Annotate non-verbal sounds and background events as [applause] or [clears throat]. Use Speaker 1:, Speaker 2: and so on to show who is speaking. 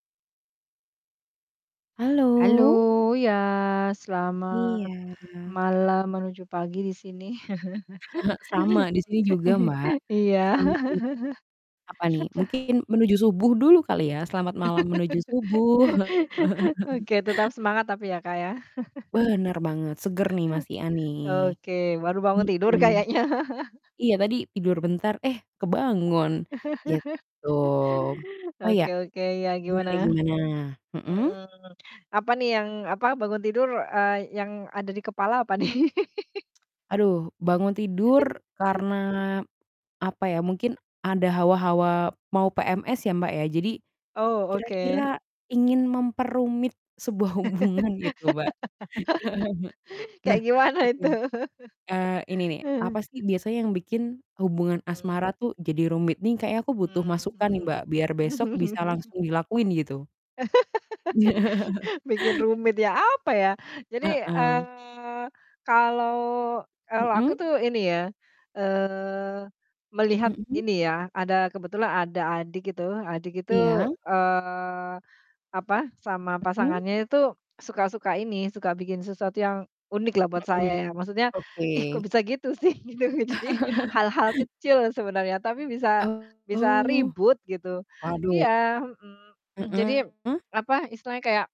Speaker 1: Halo,
Speaker 2: Halo.
Speaker 1: iya selamat
Speaker 2: Iya.
Speaker 1: malam menuju pagi di sini.
Speaker 2: [chuckles] Sama di sini juga, Mbak.
Speaker 1: [laughs] Iya. [laughs]
Speaker 2: Selamat apa nih?
Speaker 1: Heeh.
Speaker 2: Mungkin menuju subuh dulu kali ya? Selamat malam menuju subuh.
Speaker 1: [laughs]
Speaker 2: [laughs]
Speaker 1: Oke tetap semangat tapi ya, Kak, ya? [laughs]
Speaker 2: Bener banget, seger nih masihan nih.
Speaker 1: Oke, baru bangun tidur
Speaker 2: Mhm.
Speaker 1: kayaknya.
Speaker 2: Iya tadi tidur bentar, eh kebangun
Speaker 1: [laughs]
Speaker 2: gitu. Oh iya,
Speaker 1: Oke oke, iya gimana?
Speaker 2: gimana gimana? Mhm?
Speaker 1: Mhm, apa nih yang, apa, bangun tidur, eee, yang ada di kepala apa nih?
Speaker 2: Aduh, bangun tidur karena apa ya, mungkin ada hawa-hawa mau PMS ya, Mbak, ya, jadi
Speaker 1: Oh, oke.
Speaker 2: kira-kira ingin memperumit sebuah hubungan gitu, Mbak.
Speaker 1: [laughs] Kayak
Speaker 2: [chuckles] Nah,
Speaker 1: gimana
Speaker 2: oke,
Speaker 1: itu? [laughs]
Speaker 2: eee, ini nih apa
Speaker 1: Hmm.
Speaker 2: sih biasanya yang bikin hubungan
Speaker 1: Mmm.
Speaker 2: asmara tuh jadi rumit? Nih kayaknya aku butuh
Speaker 1: Mmm,
Speaker 2: masukan nih,
Speaker 1: mhm,
Speaker 2: Mbak, biar besok bisa
Speaker 1: mmm.
Speaker 2: langsung dilakuin gitu. Iya.
Speaker 1: [laughs] Bikin rumit ya, apa ya? Jadi,
Speaker 2: Heeh.
Speaker 1: eee, kalau kalau aku
Speaker 2: Mhm?
Speaker 1: tuh ini ya, eee, melihat
Speaker 2: Mhm?
Speaker 1: ini ya, ada kebetulan ada adik itu adik itu,
Speaker 2: Iya?
Speaker 1: eee, apa, sama
Speaker 2: Mhm?
Speaker 1: pasangannya itu suka suka ini, suka bikin sesuatu yang unik lah buat saya
Speaker 2: Mhm.
Speaker 1: ya. Maksudnya
Speaker 2: Oke.
Speaker 1: ih kok bisa gitu sih? Gitu, jadi
Speaker 2: [laughs]
Speaker 1: hal-hal kecil sebenarnya tapi bisa bisa
Speaker 2: Oh.
Speaker 1: ribut gitu.
Speaker 2: Waduh.
Speaker 1: Iya, mhm, [clears throat] jadi,
Speaker 2: Heeh.
Speaker 1: apa, istilahnya kayak